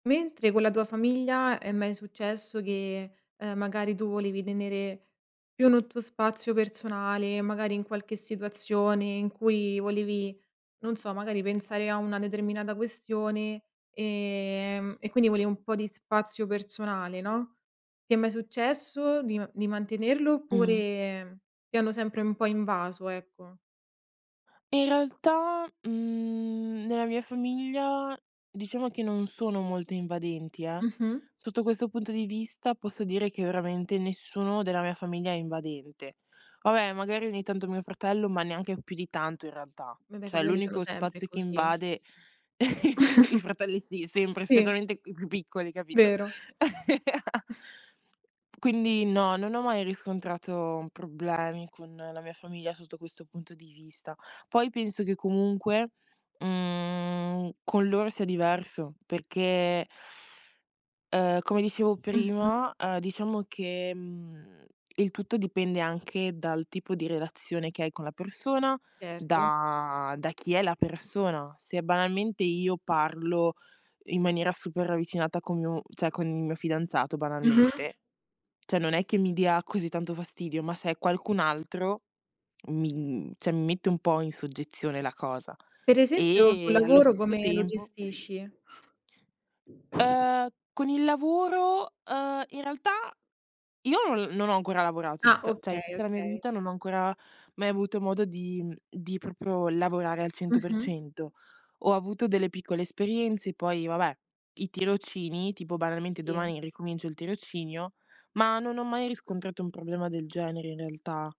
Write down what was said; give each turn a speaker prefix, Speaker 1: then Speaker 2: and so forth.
Speaker 1: Mentre con la tua famiglia è mai successo che, ehm, magari, tu volevi tenere più n tuo spazio personale e, magari, in qualche situazione in cui volevi, non so, magari, pensare a una determinata questione, ehm, e quindi volevi un po' di spazio personale, no, ti è mai successo di ma di mantenerlo
Speaker 2: Mh.
Speaker 1: oppure ti hanno sempre un po' invaso, ecco?
Speaker 2: In realtà, mhmm, nella mia famiglia, diciamo che non sono molte invadenti, eh,
Speaker 1: Mh-mh.
Speaker 2: sotto questo punto di vista, posso dire che, veramente, nessuno della mia famiglia è invadente. Vabbè, magari, ogni tanto, mio fratello, ma neanche più di tanto, in realtà.
Speaker 1: Vabbè, i
Speaker 2: Cioè,
Speaker 1: fratelli sono
Speaker 2: l'unico
Speaker 1: sempre
Speaker 2: spazio che
Speaker 1: così.
Speaker 2: invade i fratelli sì, sempre
Speaker 1: Sì.
Speaker 2: specialmente i più piccoli, capito?
Speaker 1: Vero.
Speaker 2: Quindi no, non ho mai riscontrato problemi con la mia famiglia sotto questo punto di vista. Poi penso che, comunque, mhmm, con loro sia diverso, perché ehm, come dicevo
Speaker 1: Mh-mh.
Speaker 2: prima, ehm, diciamo che, mhmm, il tutto dipende anche dal tipo di relazione che hai con la persona,
Speaker 1: Certo.
Speaker 2: da da chi è la persona. Se, banalmente, io parlo in maniera super ravvicinata con mio cioè con il mio fidanzato,
Speaker 1: Mh-mh.
Speaker 2: banalmente, cioè non è che mi dia così tanto fastidio, ma se è qualcun altro, mi, mhmm cioè, mi mette un po' in soggezione la cosa.
Speaker 1: Per esempio, sul
Speaker 2: E, allo
Speaker 1: lavoro
Speaker 2: stesso
Speaker 1: come lo
Speaker 2: tempo
Speaker 1: gestisci?
Speaker 2: Uhm, con il lavoro, uhm, in realtà io l non ho ancora lavorato in
Speaker 1: Ah,
Speaker 2: tutta cioè in
Speaker 1: okay,
Speaker 2: tutta la mia
Speaker 1: okay.
Speaker 2: vita non ho ancora mai avuto modo di, mhmm, di proprio lavorare al cento per
Speaker 1: Mh-mh.
Speaker 2: cento. Ho avuto delle piccole esperienze, poi, vabbè, i tirocini, tipo, banalmente,
Speaker 1: Sì.
Speaker 2: domani ricomincio il tirocinio. Ma non ho mai riscontrato un problema del genere, in realtà.